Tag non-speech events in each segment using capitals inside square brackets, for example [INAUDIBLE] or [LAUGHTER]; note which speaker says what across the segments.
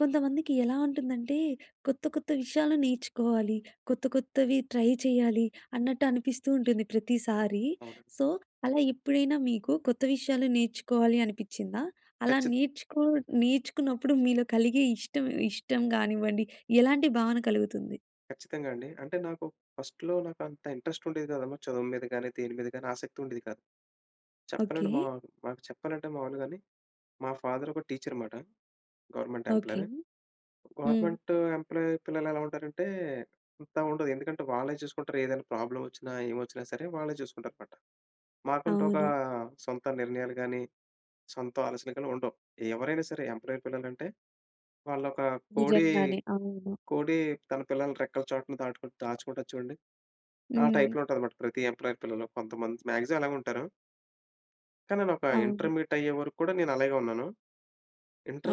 Speaker 1: కొంతమందికి ఎలా ఉంటుందంటే, కొత్త, కొత్త విషయాలు నేర్చుకోవాలి కొత్త, కొత్తవి ట్రై చెయ్యాలి అన్నట్టు అనిపిస్తూ ఉంటుంది ప్రతిసారి.
Speaker 2: అవును.
Speaker 1: సో, అలా ఎప్పుడైనా మీకు కొత్త విషయాలు నేర్చుకోవాలి అనిపించిందా? అలా
Speaker 2: ఖచ్చిత్
Speaker 1: నేర్చుకో నేర్చుకున్నప్పుడు మీలో కలిగే ఇష్టం ఇష్టం కానివ్వండి ఎలాంటి భావన కలుగుతుంది?
Speaker 2: ఖచ్చితంగా అండి. అంటే, నాకు ఫస్ట్‌లో నాకు అంత ఇంట్రెస్ట్ ఉండేది కాదమ్మా. చదువు మీద గాని, దేని మీద గాని ఆసక్తి ఉండేది కాదు. చెప్పాలంటే,
Speaker 1: ఓకే.
Speaker 2: మా మాకు చెప్పాలంటే మాములుగానే, మా ఫాదర్ ఒక టీచర్ అనమాట. Government
Speaker 1: okay.
Speaker 2: ఎంప్లాయీ.
Speaker 1: హ్మ్.
Speaker 2: గవర్నమెంటు ఎంప్లాయీ పిల్లలు ఎలా ఉంటారంటే అంత ఉండదు. ఎందుకంటే, వాళ్ళే చూసుకుంటారు ఏదైనా ప్రాబ్లమ్ వచ్చినా, ఏమొచ్చినా సరే వాళ్ళే చూసుకుంటారనమాట. మాకంటూ ఒక
Speaker 1: అవును.
Speaker 2: సొంత నిర్ణయాలు గాని, సొంత ఆలోచనలు గాని ఉండవు. ఎవరైనా సరే, ఎంప్లాయీ పిల్లలంటే వాళ్ళు ఒక కోడి,
Speaker 1: నిజంగానే. అవును.
Speaker 2: కోడి తన పిల్లలని రెక్కల చాటున దాటు దాచుకుంటాది చూడండి. ఆ
Speaker 1: హ్మ్.
Speaker 2: టైప్‌లో ఉంటాదనమాట. ప్రతి ఎంప్లాయీ పిల్లలు, కొంతమంది. మాక్సిమమ్ అలాగే ఉంటారు... కాని, నేనొక
Speaker 1: అవును.
Speaker 2: ఇంటర్మీడియట్ అయ్యేవరకు కూడా నేను అలాగే ఉన్నాను.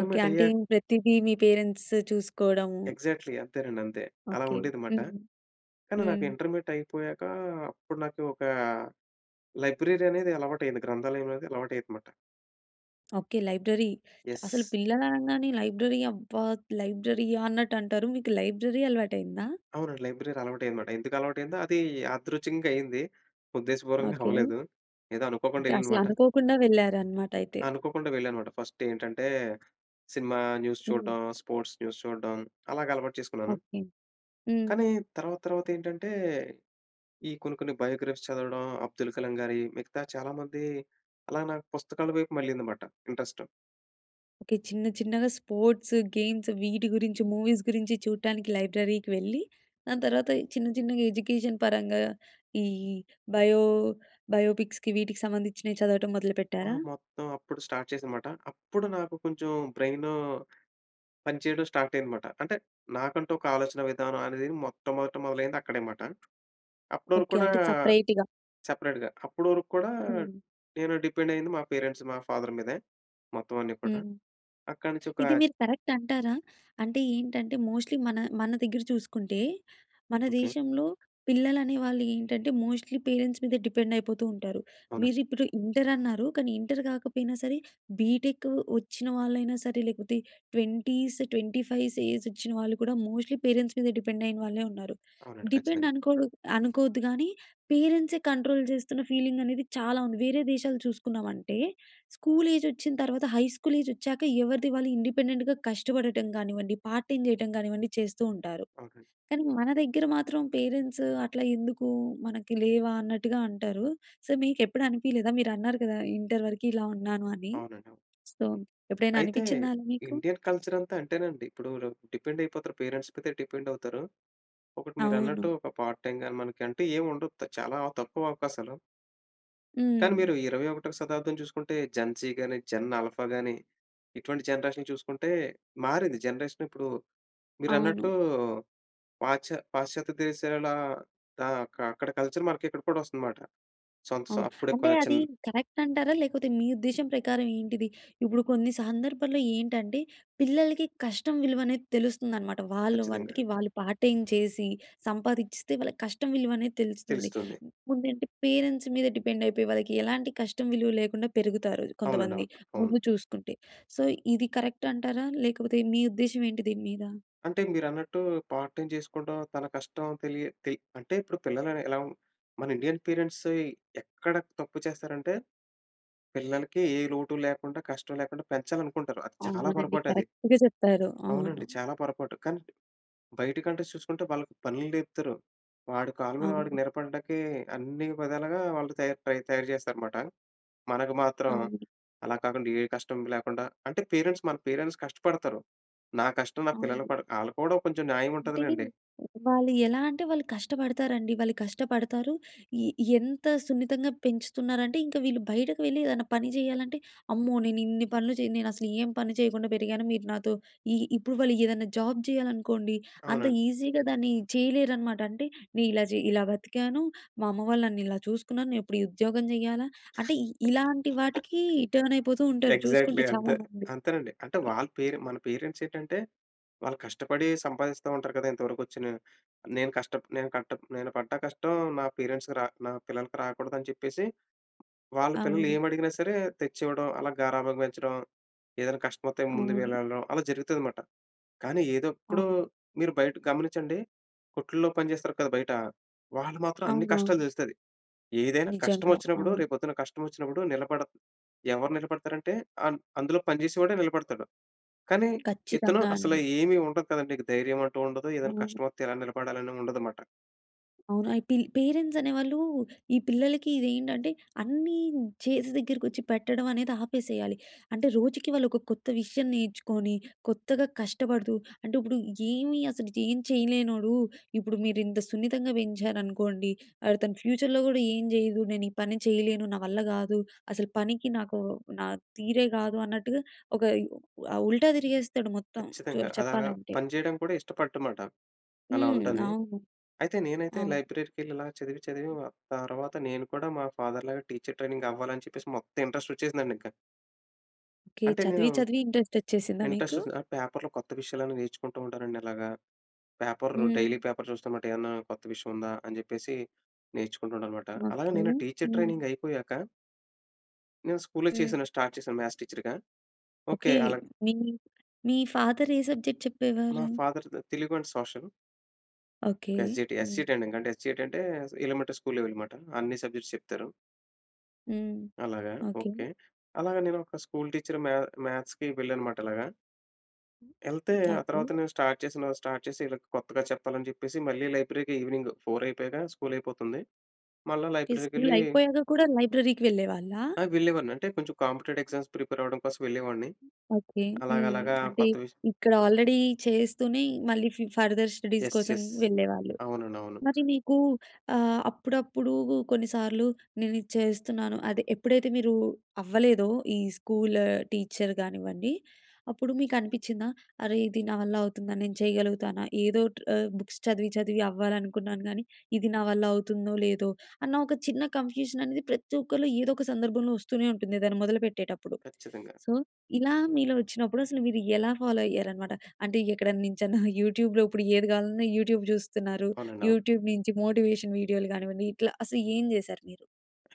Speaker 1: ఓకే. అంటే
Speaker 2: అయ్యా...
Speaker 1: ప్రతిదీ మీ పేరెంట్స్ చూసుకోవడము
Speaker 2: ఎక్సాట్లీ. అంతేనండి అంతే. అలా
Speaker 1: ఓకే.
Speaker 2: ఉండేది మాట.
Speaker 1: హ్మ్.
Speaker 2: కాని, నాకు
Speaker 1: హ్మ్.
Speaker 2: ఇంటర్మీడియేట్ అయిపోయాకా, అప్పుడు నాకు ఒక లైబ్రరీ అనేది అలవాటు అయింది. గ్రంధాలయం అనేది అలవాటు అయింది మాట.
Speaker 1: ఓకె. లైబ్రరీ. అసలు
Speaker 2: యస్.
Speaker 1: పిల్లలు అనంగానే లైబ్రరీ "అబ్బా! లైబ్రరీ ఆ?" అన్నట్టు అంటారు. మీకు లైబ్రరీ అలవాటు అయిందా?
Speaker 2: అవునండి. లైబ్రరీ అలవాటు అయ్యింది అన్నమాట. ఎందుకు అలవాటు అయిందో, అది యాదృచంగా అయింది. ఉద్దేశపూర్వంగా
Speaker 1: ఓకె.
Speaker 2: అవ్వలేదు. ఏదో అనుకోకుండా
Speaker 1: ఇంకా అసలు
Speaker 2: వెళ్ళాననమాట.
Speaker 1: అనుకోకుండా వెళ్లారు అన్నమాట అయితే.
Speaker 2: అనుకోకుండా వెళ్ళానమాట. ఫస్ట్ ఏంటంటే, సినిమా న్యూస్
Speaker 1: హ్మ్.
Speaker 2: చూడ్డం, స్పోర్ట్స్ న్యూస్ చూడ్డం అలాగా అలవాటు చేసుకున్నాను.
Speaker 1: ఓకె. హ్మ్.
Speaker 2: కానీ తర్వాత తర్వాత ఏంటంటే, ఈ కొన్ని కొన్ని బయో‌గ్రఫీస్ చదవడం. అబ్దుల్ కలాం గారి మిగతా చాలా మంది, అలా నాకు పుస్తకాల వైపు మళ్లింది మాట ఇంట్రెస్ట్.
Speaker 1: ఓకె. చిన్న చిన్నగా స్పోర్ట్స్, గేమ్స్ వీటి గురించి, మూవీస్ గురించి చూడటానికి లైబ్రరీకి వెళ్ళి దాని తర్వాత చిన్న చిన్నగా ఎడ్యుకేషన్ పరంగా, ఈ బయో బయోపిక్స్‌కి వీటికి సంబంధించినవి చదవటం
Speaker 2: ఆ!
Speaker 1: మొదలుపెట్టారా?
Speaker 2: మొత్తం అప్పుడు స్టార్ట్ చేశాను మాట. అప్పుడు నాకు కొంచెం బ్రెయిను, పని చేయడం స్టార్ట్ అయింది మాట. అంటే నాకంటూ, ఒక ఆలోచన విధానం అనేది మొట్టమొదట మొదలైంది అక్కడే మాట. అప్పుడవరకు
Speaker 1: ఓకె.
Speaker 2: కూడా
Speaker 1: అంటే సెపరేట్‌గా.
Speaker 2: సెపరేట్‌గా అప్పుడువరకు కూడా
Speaker 1: హ్మ్.
Speaker 2: నేను డిపెండ్ అయ్యింది మా పేరెంట్స్, మా ఫాదర్ మీదే. మొత్తం అన్నీ కూడా.
Speaker 1: హ్మ్.
Speaker 2: అక్కడి నుంచి ఒక
Speaker 1: ఇది మీరు కరెక్ట్ అంటారా? అంటే ఏంటంటే, మోస్ట్‌లీ మన మన దగ్గర చూసుకుంటే, మన
Speaker 2: ఓకె.
Speaker 1: దేశంలో పిల్లలు అనేవాళ్ళు ఏంటంటే, మోస్ట్‌లీ పేరెంట్స్ మీద డిపెండ్ అయిపోతూ ఉంటారు. మీరు
Speaker 2: అవునండి.
Speaker 1: ఇప్పుడు ఇంటర్ అన్నారు, కానీ ఇంటర్ కాకపోయినా సరే బీటెక్ వచ్చిన వాళ్ళైనా సరే, లేకపోతే 20స్, 25స్ ఏజ్ వచ్చిన వాళ్ళు కూడా మోస్ట్‌లీ పేరెంట్స్ మీద డిపెండ్ అయిన వాళ్ళే ఉన్నారు.
Speaker 2: అవునండి
Speaker 1: డిపెండ్
Speaker 2: ఖచ్చితంగా.
Speaker 1: అనుకొడు అనుకోవద్దు కానీ పేరెంట్సె కంట్రోల్ చేస్తున్న ఫీలింగ్ అనేది చాలా ఉంది. వేరే దేశాలు చూసుకున్నామంటే, స్కూల్ ఏజొచ్చిన తర్వాత హై స్కూల్ ఏజ్ వచ్చాక ఎవరిది వాళ్ళు ఇండిపెండెంట్‌గా కష్టపడటం కానివ్వండి, పార్ట్ టైమ్ చేయటం కానివ్వండి, చేస్తూ ఉంటారు.
Speaker 2: ఓకె.
Speaker 1: కానీ మన దగ్గర మాత్రం పేరెంట్స్ అట్లా ఎందుకు మనకి లేవా అన్నట్టుగా అంటారు. సో మీకు ఎప్పుడు అనిపియలేదా? మీరు అన్నారు కదా! ఇంటర్ వరకు ఇలా ఉన్నాను అని,
Speaker 2: అవునండి. అవును.
Speaker 1: సో ఎప్పుడైనా
Speaker 2: అయితే
Speaker 1: అనిపించిందా అండి మీకు?
Speaker 2: ఇండియన్ కల్చర్ అంతా అంతేనండి. ఇప్పుడు డిపెండ్ అయిపోతారు. పేరెంట్స్ మీదే డిపెండ్ అవుతారు. ఒకటి మీరన్నట్టు
Speaker 1: అవును.
Speaker 2: ఒక పార్ట్ టైమ్ గాని మనకి అంటే ఏమి ఉండదు. త చాలా తక్కువ అవకాశాలు. కానీ
Speaker 1: హ్మ్.
Speaker 2: మీరు 21వ శతాబ్దం చూసుకుంటే, జెన్‌ జీ గాని, జెన్ ఆల్ఫా గాని, ఇటువంటి జనరేషన్ చూసుకుంటే మారింది జనరేషన్. ఇప్పుడు
Speaker 1: అవును.
Speaker 2: మీరన్నట్టు పాశ్చ పాశ్చాత్య దేశాలలో ఆహ్, అక్కడ కల్చర్ మనకి ఇక్కడ కూడా వస్తుంది మాట. సంత్ సొ
Speaker 1: అవును.
Speaker 2: అప్పుడే
Speaker 1: అంటే, అది
Speaker 2: క్వచెన్
Speaker 1: కరెక్ట్ అంటారా? లేకపోతే మీ ఉద్దేశ్యం ప్రకారం ఏంటిది? ఇప్పుడు కొన్ని సందర్భాల్లో ఏంటంటే, పిల్లలకి కష్టం విలువ అనేది తెలుస్తుందనమాట. వాళ్ళ
Speaker 2: ఖచ్చితంగా.
Speaker 1: వంటికి వాళ్ళు పార్ట్ టైమ్ చేసి, సంపాదించిస్తే వాళ్ళకి కష్టం విలువ అనేది తెలుస్తుంది.
Speaker 2: తెలుస్తుంది.
Speaker 1: ముందంటే పేరెంట్స్ మీద డిపెండ్ అయిపోయి, వాళ్ళకి ఎలాంటి కష్టం విలువ లేకుండా పెరుగుతారు,
Speaker 2: అవునండీ.
Speaker 1: కొంతమంది
Speaker 2: అవును. అవును.
Speaker 1: ముందు చూసుకుంటే. సో, ఇది కరెక్ట్ అంటారా ?లేకపోతే మీ ఉద్దేశ్యం ఏంటి దీని మీద?
Speaker 2: అంటే మీరన్నట్టు, పార్ట్ టైమ్ చేసుకోవడం, తన కష్టం తెలియ తె అంటే, ఇప్పుడు పిల్లలు ఎలా మన ఇండియన్ పేరెంట్స్ ఎక్కడ తప్పు చేస్తారంటే, పిల్లలకి ఏ లోటు లేకుండా కష్టం లేకుండా పెంచాలనుకుంటారు. అది చాలా
Speaker 1: అవునండి.
Speaker 2: పొరపాటు అది.
Speaker 1: కరెక్ట్‌గా చెప్పారు. అవును.
Speaker 2: అవునండి. చాలా పొరపాటు. కానీ బయట కంట్రీస్ చూసుకుంటే వాళ్ళకి పనులు నేర్పుతారు. వాడి కాళ్ళ మీద వాడికి
Speaker 1: అవును.
Speaker 2: నిలబడడానికి అన్ని విధాలుగా వాళ్ళు తయారు తయారు చేస్తారనమాట. మనకు మాత్రం,
Speaker 1: అవును.
Speaker 2: అలా కాకుండా ఏ కష్టం లేకుండా అంటే పేరెంట్స్ మన పేరెంట్స్ కష్టపడతారు. నా కష్టం, నా పిల్లలు
Speaker 1: అవును.
Speaker 2: పడ ఆళ్ళకి కూడా కొంచెం న్యాయం
Speaker 1: అంటే,
Speaker 2: ఉంటదిలెండి.
Speaker 1: వాళ్ళు ఎలా అంటే వాళ్ళు కష్టపడతారండి. వాళ్ళు కష్టపడతారు. ఎ ఎంత సున్నితంగా పెంచుతున్నారంటే, ఇంక వీళ్ళు బయటకు వెళ్ళి ఏదైనా పని చేయాలంటే, అమ్మో నేను ఇన్ని పనులు చేయను, నేనసలు ఏం పని చేయకుండా పెరిగాను. మీరు నాతో ఈ ఇప్పుడు వాళ్ళు ఏదైనా జాబ్ చేయాలనుకోండి. అంత
Speaker 2: అవునండి.
Speaker 1: ఈజీగా దాన్ని చేయలేరనమాట. అంటే, "నేను ఇలా ఇలా బతికాను. మా అమ్మ వాళ్ళు నన్ను ఇలా చూసుకున్నారు. నేను ఎప్పుడు ఈ ఉద్యోగం చేయాలా?" అంటే, ఇ ఇలాంటి వాటికీ టర్న్ అయిపోతూ
Speaker 2: [CHUCKLES]
Speaker 1: ఉంటారు
Speaker 2: ఎగ్జాక్ట్‌లీ
Speaker 1: చూసుకుంటే
Speaker 2: అంతే,
Speaker 1: చాలామంది.
Speaker 2: అంతేనండి. అంటే వాళ్ళ పేరెం మన పేరెంట్స్ ఏటంటే, వాళ్ళు కష్టపడి సంపాదిస్తూ ఉంటారు కదా! ఇంతవరకు వచ్చిన "నేను కష్ట నేను కట్ట నేను పడ్డ కష్టం నా పేరెంట్స్‌కి నా పిల్లలకి రాకూడదు" అని చెప్పేసి, వాళ్ళ పిల్లలు
Speaker 1: అవును.
Speaker 2: ఏమి అడిగినా సరే తెచ్చి ఇవ్వడం. అలా గారాబంగా పెంచడం. ఏదైనా కష్టం వత్తే ముందు
Speaker 1: అవును.
Speaker 2: వెళ్ళడం అలా జరుగుతది మాట. కానీ ఏదో ఎప్పుడు
Speaker 1: అవును.
Speaker 2: మీరు బయట గమనించండి, కొట్లో పని చేస్తారు కదా! బయట, వాళ్ళు మాత్రం అన్ని కష్టాలు
Speaker 1: అవునవును.
Speaker 2: తెలుస్తది. ఏదైనా కష్టం
Speaker 1: నిజంగా
Speaker 2: వచ్చినప్పుడు,
Speaker 1: అవును.
Speaker 2: రేపు పొద్దున కష్టం వచ్చినప్పుడు, నిలబడ ఎవరు నిలబడతారంటే, అం అందులో పనిచేసేవాడే నిలబడతాడు. కానీ ఇతను
Speaker 1: ఖచ్చితంగా
Speaker 2: అసలు
Speaker 1: అండి.
Speaker 2: ఏమి ఉండదు కదండి ధైర్యం అంటూ ఉండదు. ఏదైనా
Speaker 1: హ్మ్.
Speaker 2: కష్టమొత్తే ఎలా నిలబడాలి అని ఉండదు మాట.
Speaker 1: అవును. అయితే, పేరెంట్స్ అనేవాళ్ళు ఈ పిల్లలకి ఇది ఏంటంటే, అన్నీ చేసి దగ్గరకొచ్చి పెట్టడం అనేది ఆపేసేయాలి. అంటే, రోజుకి వాళ్ళు ఒక కొత్త విషయం నేర్చుకొని, కొత్తగా కష్టపడుతూ అంటే, ఇప్పుడు ఏమి అసలు ఏం చేయలేనోడు, ఇప్పుడు మీరు ఇంత సున్నితంగా పెంచారనుకోండి, అతను ఫ్యూచర్‍లో కూడా "ఏం చేయను. నేను ఈ పని చేయలేను. నా వల్ల కాదు, అసలు పనికి నాకు నా తీరే కాదు." అన్నట్టుగా ఒక ఆహ్, ఉల్టా తిరిగేస్తాడు మొత్తం, చె
Speaker 2: ఖచ్చితంగా అలాగా,
Speaker 1: చెప్పాలంటే.
Speaker 2: పని చేయడం కూడా ఇష్టపడు మాట, అలా
Speaker 1: హ్మ్.
Speaker 2: ఉంటంది.
Speaker 1: అవును.
Speaker 2: అయితే, నేనైతే
Speaker 1: అవును.
Speaker 2: లైబ్రరీ‌కి వెళ్లి, ఇలా చదివి చదివి తర్వాత నేను కూడా మా ఫాదర్‌లాగా టీచర్ ట్రైనింగ్ అవ్వాలి అని చెప్పేసి, మొత్తం ఇంట్రెస్ట్ వచ్చేసిందండి ఇంకా.
Speaker 1: ఓకే.
Speaker 2: అంటే నేను
Speaker 1: చదివి చదివి ఇంట్రెస్ట్ వచ్చేసిందా మీకు?
Speaker 2: ఇంట్రెస్ట్స్ పేపర్‌లో కొత్త విషయాలన్నీ నేర్చుకుంటూ ఉంటానండి. అలాగా పేపర్ డైలీ
Speaker 1: హ్మ్.
Speaker 2: పేపర్ చూస్తా అన్నమాట. ఏమన్నా కొత్త విషయం ఉందా? అని చెప్పేసి నేర్చుకుంటూ ఉంటానన్నమాట. అలాగే
Speaker 1: ఓకే.
Speaker 2: నేను టీచర్
Speaker 1: హ్మ్.
Speaker 2: ట్రైనింగ్ అయిపోయాక... నేను స్కూల్‌లో
Speaker 1: హ్మ్.
Speaker 2: చేశాను, స్టార్ట్ చేశాను. మ్యాథ్స్ టీచర్‌గా ఓకే.
Speaker 1: ఓకే.
Speaker 2: అలాగా
Speaker 1: మీ మీ ఫాదర్ ఏ సబ్జెక్ట్
Speaker 2: మా
Speaker 1: చెప్పేవారు?
Speaker 2: ఫాదర్ తె Telugu and social.
Speaker 1: Okay.
Speaker 2: S G T, S G T
Speaker 1: హ్మ్.
Speaker 2: ట్రైనింగ్ అంటే యస్ జి టి అంటే ఎలిమెంటరీ స్కూల్ లెవెల్ అన్నమాట. అన్ని సబ్జెక్ట్స్ చెప్తారు.
Speaker 1: హ్మ్.
Speaker 2: అలాగా!
Speaker 1: ఓకే.
Speaker 2: ఓకే. అలాగా నేను ఒక స్కూల్ టీచర్ మ్యా మ్యాథ్స్‌కి వెళ్ళాననమాట అలాగా. ఎళ్తే, ఆ
Speaker 1: ఓకే.
Speaker 2: తర్వాత నేను స్టార్ట్ చేసి, స్టార్ట్ చేసి వీళ్ళకి కొత్తగా చెప్పాలని చెప్పేసి మళ్ళీ లైబ్రరీకి ఈవెనింగ్ 4:00 అయిపోయాక స్కూల్ అయిపోతుంది. మళ్ళ
Speaker 1: ఈ స్కూల్
Speaker 2: లైబ్రరీకెళ్ళీ...
Speaker 1: అయిపోయాక కూడా లైబ్రరీకి వెళ్ళేవాళ్ళా?
Speaker 2: ఆ! వెళ్ళేవాడిని. అంటే కొంచెం కాంపిటేటివ్ ఎగ్జామ్స్ ప్రిపేరవ్వడం కోసం వెళ్ళేవాడిని.
Speaker 1: ఓకే. హ్మ్.
Speaker 2: అలాగలాగా
Speaker 1: అంటే
Speaker 2: కొత్త విషయం
Speaker 1: ఇక్కడ ఆల్రెడీ చేస్తూనే మళ్ళీ ఫు ఫర్దర్ స్టడీస్
Speaker 2: యెస్.
Speaker 1: కోసం
Speaker 2: యెస్.
Speaker 1: వెళ్ళేవాళ్ళు.
Speaker 2: అవునండి. అవును.
Speaker 1: మరి నీకు ఆహ్, అప్పుడప్పుడూ కొన్నిసార్లు నేను ఇది చేస్తున్నాను, అదే ఎప్పుడైతే మీరూ అవ్వలేదో ఈ స్కూలు టీచర్ గానివ్వండి, అప్పుడు మీకు అనిపించిందా? అరే! ఇది నా వల్ల అవుతుందా? నేను చేయగలుగుతానా? ఏదోటి ఆహ్, బుక్స్ చదివి చదివి అవ్వాలనుకున్నాను గానీ, ఇది నా వల్ల అవుతుందో, లేదో అన్న ఒక చిన్న కన్‌ఫ్యూజన్ అనేది ప్రతి ఒక్కరిలో ఏదో ఒక సందర్భంలో వస్తూనే ఉంటుంది ఏదైనా మొదలుపెట్టేటప్పుడు.
Speaker 2: ఖచ్చితంగా.
Speaker 1: సో, ఇలా మీలో వచ్చినప్పుడు అసలు మీరు ఎలా ఫాలో అయ్యారనమాట? అంటే, ఎక్కడనుంచన్నా యూట్యూబ్‌లో ఇప్పుడు ఏది కావాలన్నా యూట్యూబ్ చూస్తున్నారు.
Speaker 2: అవునండి. అవును.
Speaker 1: యూట్యూబ్ నుంచి మోటివేషన్ వీడియోలు కానివ్వండి, ఇట్లా అసలు ఏం చేశారు మీరు?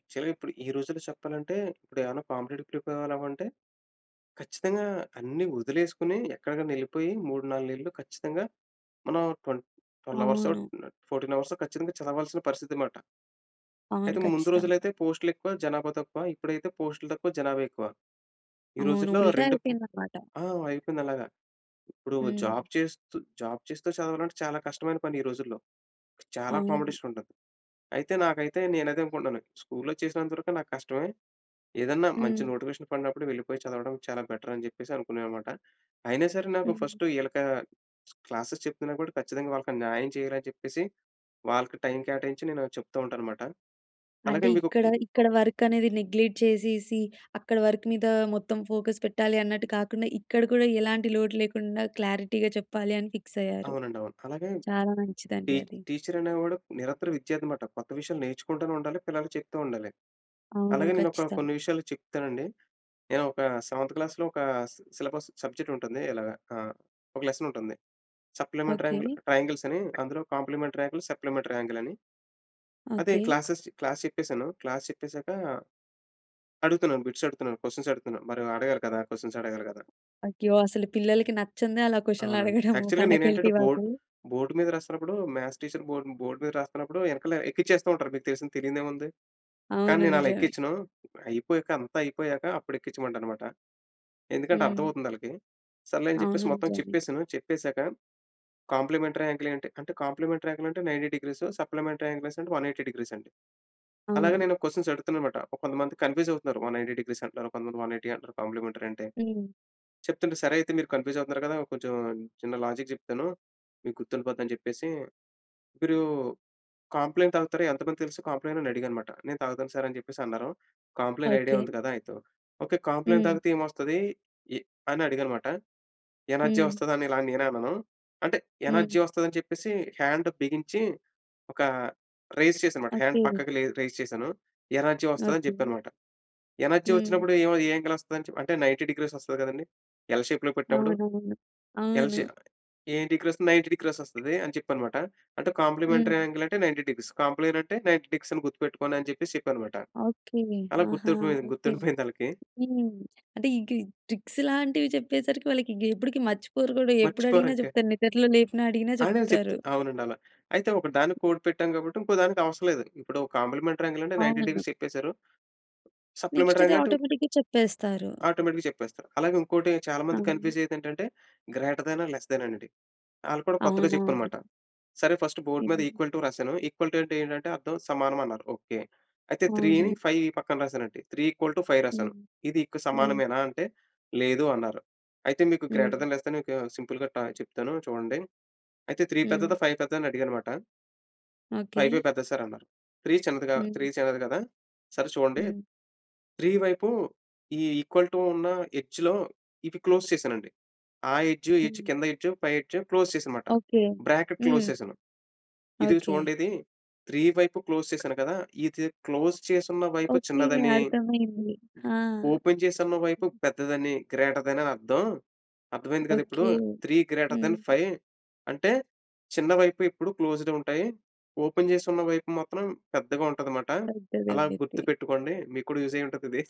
Speaker 2: యాక్చువల్‌గా ఇప్పుడు ఈ రోజుల్లో చెప్పాలంటే, ఇప్పుడు ఏమైనా కాంపిటిటివ్‌కి ప్రిపేరవ్వాలంటే, ఖచ్చితంగా అన్ని వదిలేసుకొని ఎక్కడికైనా వెళ్ళిపోయి, 3, 4 నెలలు ఖచ్చితంగా మనం ట్వె 12 అవర్సో
Speaker 1: అవును.
Speaker 2: ఆహ్, 14 అవర్సో ఖచ్చితంగా చదవాల్సిన పరిస్థితనమాట.
Speaker 1: అవును.
Speaker 2: అయితే, ముందు
Speaker 1: ఖచ్చితంగా.
Speaker 2: రోజులైతే పోస్ట్‌‌లెక్కువ, జనాభా తక్కువ. ఇప్పుడైతే పోస్ట్‌లు తక్కువ, జనాభా ఎక్కువ. ఈ
Speaker 1: అవును.
Speaker 2: రోజుల్లో
Speaker 1: ఉల్టా
Speaker 2: రెండు
Speaker 1: అయిపోయిందనమాట.
Speaker 2: ఆహ్, అయిపోయింది అలాగ. ఇప్పుడు జాబ్
Speaker 1: హ్మ్.
Speaker 2: చేస్తూ, జాబ్ చేస్తూ చదవాలంటే చాలా కష్టమైన పని ఈ రోజుల్లో. చాలా
Speaker 1: అవును.
Speaker 2: కాంపిటీషనుంటది. అయితే, నాకైతే నేనదే అనుకుంటున్నాను. స్కూల్‌లో చేసినంత వరకు నాకు కష్టమే. ఏదన్నా మంచి
Speaker 1: హ్మ్.
Speaker 2: నోటిఫికేషన్ పడినప్పుడు వెళ్ళిపోయి చదవడం చాలా బెటర్ అని చెప్పేసి అనుకున్నాననమాట. అయినా సరే నాకు
Speaker 1: హ్మ్.
Speaker 2: ఫస్ట్ వీళ్ళకి క్లాసెస్ చెప్తున్నా కూడా ఖచ్చితంగా వాళ్ళకి న్యాయం చేయాలని చెప్పేసి వాళ్ళకి, టైమ్ కేటాయించి నేనది చెప్తూ ఉంటాననమాట. అలాగే
Speaker 1: అంటే
Speaker 2: మీకు
Speaker 1: ఇక్కడ ఇక్కడ వర్క్ అనేది నెగ్‌లెట్ చేసేసి, అక్కడ వర్క్ మీద మొత్తం ఫోకస్ పెట్టాలి అన్నట్టు కాకుండా, ఇక్కడ కూడా ఎలాంటి లోటు లేకుండా క్లారిటీగా చెప్పాలి అని ఫిక్స్ అయ్యారు.
Speaker 2: అవునండి అవును. అలాగే,
Speaker 1: చాలా మంచిదండి
Speaker 2: ఈ
Speaker 1: అది.
Speaker 2: టిచరనేవాడు నిరంతర విద్యార్థనమాట. కొత్త విషయాలు నేర్చుకుంటూనే ఉండాలి. పిల్లలకి చెప్తూ ఉండాలి.
Speaker 1: అవును
Speaker 2: అలాగే నేను ఒక
Speaker 1: ఖచ్చితంగా
Speaker 2: కొన్ని విషయాలు చెప్తానండి. నేను ఒక సెవెంత్ క్లాస్‌లో ఒక సిలబస్ సబ్జెక్ట్ ఉంటుంది. ఇలాగా ఆహ్, ఒక లెసన్ ఉంటుంది. Supplementary
Speaker 1: okay.
Speaker 2: ట్ర ట్రయాంగిల్స్ అని అందులో కాంప్లిమెంటరీ యాంగిల్, సప్లిమెంటరీ యాంగిల్ అని అయితే,
Speaker 1: ఓకే.
Speaker 2: క్లాసెస్ క్లాస్ చెప్పేసాను. క్లాస్ చెప్పేసాక అడుగుతున్నాను. బిట్స్ అడుగుతున్నాను. క్వెషన్స్ అడుగుతున్నాను. మరి అడగాలి కదా! క్వెషన్స్ అడగాలి కదా!
Speaker 1: అయ్యో! అసలు పిల్లలకి నచ్చందే అలా క్వెషన్‌లు
Speaker 2: అవునండి.
Speaker 1: అడగడం
Speaker 2: యాక్చువల్‌గా
Speaker 1: ఫాకల్టీ
Speaker 2: నేనేంటంటే, బోర్డ్
Speaker 1: వాళ్లు.
Speaker 2: బోర్డ్ మీద రాస్తున్నప్పుడు మ్యాథ్స్ టీచర్ బోర్డ్ బోర్డ్ మీద రాస్తున్నప్పుడు వెనకాల ఎక్కిచ్చేస్తూ ఉంటారు. మీకు తెలిసిందే, తెలీనిదేముంది. కానీ,
Speaker 1: అవును.
Speaker 2: నేను అలా
Speaker 1: నిజమే.
Speaker 2: ఎక్కించను. అయిపోయాక అంతా అయిపోయాక అప్పుడు ఎక్కించమంటానన్నమాట. ఎందుకంటే,
Speaker 1: హ్మ్.
Speaker 2: అర్థమవుతుందాళ్ళకి. సర్లే అని చెప్పేసి
Speaker 1: అవును.
Speaker 2: మొత్తం
Speaker 1: నిజమే.
Speaker 2: చెప్పేసాను. చెప్పేసాక, కాంప్లిమెంటరీ యాంగిల్ ఏంటి? అంటే కాంప్లిమెంటరీ యాంగిల్ అంటె 90 డీగ్రీస్, సప్లిమెంటరీ యాంగిల్ 180 డిగ్రీస్ అని. అలాగే
Speaker 1: అవును.
Speaker 2: నేను క్వెషన్స్ అడుగుతున్నానన్నమాట. కొంతమంది కన్‌‌ఫ్యూస్ అవుతున్నారు. 190 డిగ్రీస్ అంటున్నారు. ఆహ్, కొంతమంది 180 అంటారు, కాంప్లిమెంటరీ అంటే,
Speaker 1: హ్మ్.
Speaker 2: చెప్తుంటే సరే అయితే మీరు కన్‌ఫ్యూస్ అవుతున్నారు కదా! కొంచెం చిన్న లాజిక్ చెప్తాను. మీకు గుర్తుండిపోతుంది అని చెప్పేసి, మీరు కాంప్లెయిన్ తాగుతారా? ఎంతమందికి తెలుసు కాంప్లెయిన్? అని అడిగానన్నమాట. నేను తాగుతాను సార్ అని చెప్పేసి అన్నారు. Complain idea
Speaker 1: okay.
Speaker 2: ఉంది కదా! అయితే ఓకే. కాంప్లెయిన్
Speaker 1: హ్మ్.
Speaker 2: తాగితే ఏమొస్తది? ఎ అని అడిగాననమాట. ఎనర్జీ
Speaker 1: హ్మ్.
Speaker 2: వస్తదా? అని ఇలా నేనన్నాను. అంటే ఎనర్జీ
Speaker 1: హ్మ్.
Speaker 2: వస్తదని చెప్పేసి హ్యాండ్ బిగించి ఒక రైస్ చేశానన్నమాట హ్యాండ్
Speaker 1: ఓకే.
Speaker 2: పక్కకి రైస్ చేశాను. ఎనర్జీ వస్తదని
Speaker 1: ఓకే.
Speaker 2: చెప్పాననమాట. ఎనర్జీ
Speaker 1: హ్మ్.
Speaker 2: వచ్చినప్పుడు ఏ, ఏ యాంగిల్ వస్తాది? అంటే 90 డిగ్రీస్ వస్తది కదండీ! ఎల్ షేప్‌లో పెట్టినప్పుడు.
Speaker 1: అవునవును.
Speaker 2: ఎల్
Speaker 1: అవును.
Speaker 2: షేప్ ఎం డీగ్రీస్ 90 డీగ్రీస్ వస్తది అని చెప్పాననమాట. అంటే, కాంప్లిమెంటరీ
Speaker 1: హ్మ్.
Speaker 2: యాంగిల్ అంటే 90 డిగ్రీస్. కాంప్లెయిన్ అంటే 90 డిగ్రీస్ అని గుర్తుపెట్టుకోండి అని చెప్పేసి చెప్పానన్నమాట.
Speaker 1: ఓకే.
Speaker 2: అలా
Speaker 1: ఆహా!
Speaker 2: గుర్తుండి
Speaker 1: ఓకే.
Speaker 2: గుర్తుండిపోయిందాళ్ళకి.
Speaker 1: హ్మ్. అంటే ఈ గి ట్రిక్స్ లాంటివి చెప్పేసరికి వాళ్ళకి ఇక ఎప్పటికి మర్చిపోరు కూడా ఎప్పుడు
Speaker 2: మర్చిపోరు
Speaker 1: అడిగినా
Speaker 2: ఇంక.
Speaker 1: చెప్తారు. నిద్దట్లో లేపినా అడిగినా
Speaker 2: అయినా
Speaker 1: చెప్తారు.
Speaker 2: చెప్తుంది. అవునండి అలా. అయితే ఒక దానికి కోడ్ పెట్టాం కాబట్టి, ఇంకోదానికి అవసరం లేదు. ఇప్పుడు కాంప్లిమెంటరీ యాంగిల్ అంటే 90
Speaker 1: అవునండి.
Speaker 2: డిగ్రీస్ చెప్పేసారు.
Speaker 1: నెక్స్ట్
Speaker 2: సప్లిమెంటరీ
Speaker 1: ది
Speaker 2: యాంగిల్ అంటే...
Speaker 1: ఆటోమేటిక్‌గా చెప్పేస్తారు.
Speaker 2: ఆటోమేటిక్‌గా చెప్పేస్తారు. అలాగే ఇంకోటి చాలా మంది
Speaker 1: అవును.
Speaker 2: కన్‌ఫ్యూజ్ అయ్యేది ఏంటంటే, గ్రేటర్ థాన్, లెస్ థాన్ అనేది. వాళ్ళకి కూడా కొత్తగా
Speaker 1: అవునవును.
Speaker 2: చెప్పామనమాట. సరే ఫస్ట్ బోర్డ్ మీద
Speaker 1: హ్మ్.
Speaker 2: ఈక్వల్ టూ రాసాను. ఈక్వల్ టూ అంటే ఏంటంటే? అర్థం సమానం అన్నారు. ఓకే. అయితే త్రీని,
Speaker 1: అవును.
Speaker 2: ఫైవ్ పక్కన రాసానండి. త్రీ ఈక్వల్ టూ ఫైవ్ రాసాను.
Speaker 1: హ్మ్.
Speaker 2: ఇది ఇక
Speaker 1: హ్మ్.
Speaker 2: సమానమేనా? అంటే లేదూ అన్నారు. అయితే మీకు గ్రేటర్
Speaker 1: హ్మ్.
Speaker 2: థాన్, లేస్ థాన్ సింపుల్‌గా త చెప్తాను చూడండి. అయితే త్రీ
Speaker 1: హ్మ్.
Speaker 2: పెద్దదా? ఫైవ్ పెద్దదా? అని అడిగాననమాట.
Speaker 1: ఓకె.
Speaker 2: "ఫైవే పెద్దది సార్" అన్నారు. 3 చిన్నది‌‌గా
Speaker 1: హ్మ్.
Speaker 2: చిన్నది కదా! సరే చూడండి.
Speaker 1: హ్మ్.
Speaker 2: 3 వైపు ఈ ఈక్వల్ టూ ఉన్న ఎడ్జ్‌లో, ఇవి క్లోజ్ చేశానండి. ఆ ఎడ్జ్, ఈ ఎడ్జ్,
Speaker 1: హ్మ్.
Speaker 2: కింద ఎడ్జ్, పై ఎడ్జ్ క్లోజ్ చేశా అన్నమాట.
Speaker 1: ఓకె.
Speaker 2: బ్రాకెట్ క్లోజ్
Speaker 1: హ్మ్.
Speaker 2: చేశాను. ఇదిగో
Speaker 1: ఓకె.
Speaker 2: చూడండి ఇది, 3 వైపు క్లోజ్ చేశాను కదా! ఇది క్లోజ్ చేసిన్న వైపు
Speaker 1: ఓకె.
Speaker 2: చిన్నదని.
Speaker 1: అర్థమైంది. ఆ!
Speaker 2: ఓపెన్ చేసివున్న, వైపు పెద్దదని గ్రేటర్ దెన్ అని అర్థం అర్థమైంది కదా! ఇప్పుడు.
Speaker 1: ఓకె.
Speaker 2: 3 గ్రేటర్ దెన్
Speaker 1: హ్మ్.
Speaker 2: 5 అంటే, చిన్న వైపు ఎప్పుడు క్లోస్డ్ ఉంటాయి. ఓపెన్ చేసివున్న వైపు మాత్రం పెద్దగా ఉంటది మాట, అలా
Speaker 1: పెద్దదండి ఇది.
Speaker 2: గుర్తుపెట్టుకోండి" మీకు కూడా యూజ్ అయ్యి ఉంటది ఇది.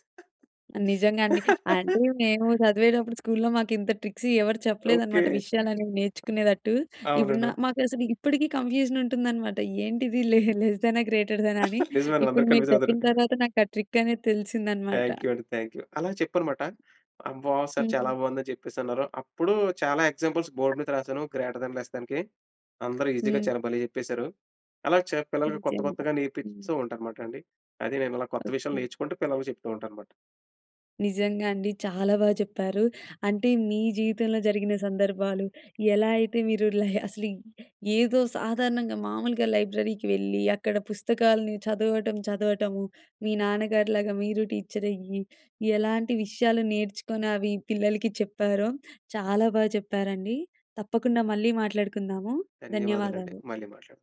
Speaker 1: నిజంగా అండి. అంటే మేము
Speaker 2: [LAUGHS]
Speaker 1: చదివేటప్పుడు స్కూల్‌లో మాకు ఇంత ట్రిక్స్ ఎవరు
Speaker 2: ఓకె.
Speaker 1: చెప్పలేదన్నమాట. విషయాలు అనేవి నేర్చుకునేటట్టు, ఇప్పుడు న
Speaker 2: అవునన్నా.
Speaker 1: మాకు అసలు ఇప్పటికి కన్ఫ్యూజన్ ఉంటుందన్నమాట. ఏంటిది లెస్ లెస్ దెనా? గ్రేటర్ దెనా? అని
Speaker 2: [GIGGLES] నిజమేనండి.
Speaker 1: ఇప్పుడు,
Speaker 2: అందరు
Speaker 1: మీరు
Speaker 2: కన్ఫ్యూజ్ అవుతారు.
Speaker 1: చెప్పిన తర్వాత నాకు ఆ ట్రిక్ అనేది తెలిసింది అన్నమాట.
Speaker 2: థాంక్యూ అండి థాంక్యూ. అలా చెప్పనమాట "అమ్మో! సార్ చాలా
Speaker 1: హ్మ్.
Speaker 2: బాగుంది" అని చెప్పేసి అన్నారు. అప్పుడు చాలా ఎగ్జాంపుల్స్ బోర్డ్ మీద రాసాను గ్రేటర్ దెన్, లెస్ దెన్‌కి అందరు ఈజీ‌గా
Speaker 1: హ్మ్.
Speaker 2: చాలా భలే చెప్పేసారు. అలా చా పిల్లలకి కొత్త
Speaker 1: నిజంగా,
Speaker 2: కొత్తగా
Speaker 1: హ్మ్.
Speaker 2: నేర్పిస్తూ ఉంటా, అన్నమాట అండి. అది నేను అలా కొత్త విషయాలు
Speaker 1: ఓకె.
Speaker 2: నేర్చుకుంటూ, పిల్లలకి చెప్తూ ఉంటా అన్నమాట.
Speaker 1: నిజంగా అండి. చాలా బాగా చెప్పారు. అంటే మీ జీవితంలో జరిగిన సందర్భాలు, ఎలా అయితే మీరు లే అసలు ఏదో సాధారణంగా మామూలుగా లైబ్రరీకి వెళ్ళి, అక్కడ పుస్తకాల్ని చదవటం చదవటము. మీ నాన్నగారిలాగా మీరు టీచర్ అయ్యి, ఎలాంటి విషయాలు నేర్చుకొని, అవి పిల్లలకి చెప్పారో, చాలా బాగా చెప్పారండి. తప్పకుండా మళ్ళీ మాట్లాడుకుందాము.
Speaker 2: ధన్యవాదాలండి.
Speaker 1: ధన్యవాదాలు.
Speaker 2: మళ్ళీ మాట్లాడదాం.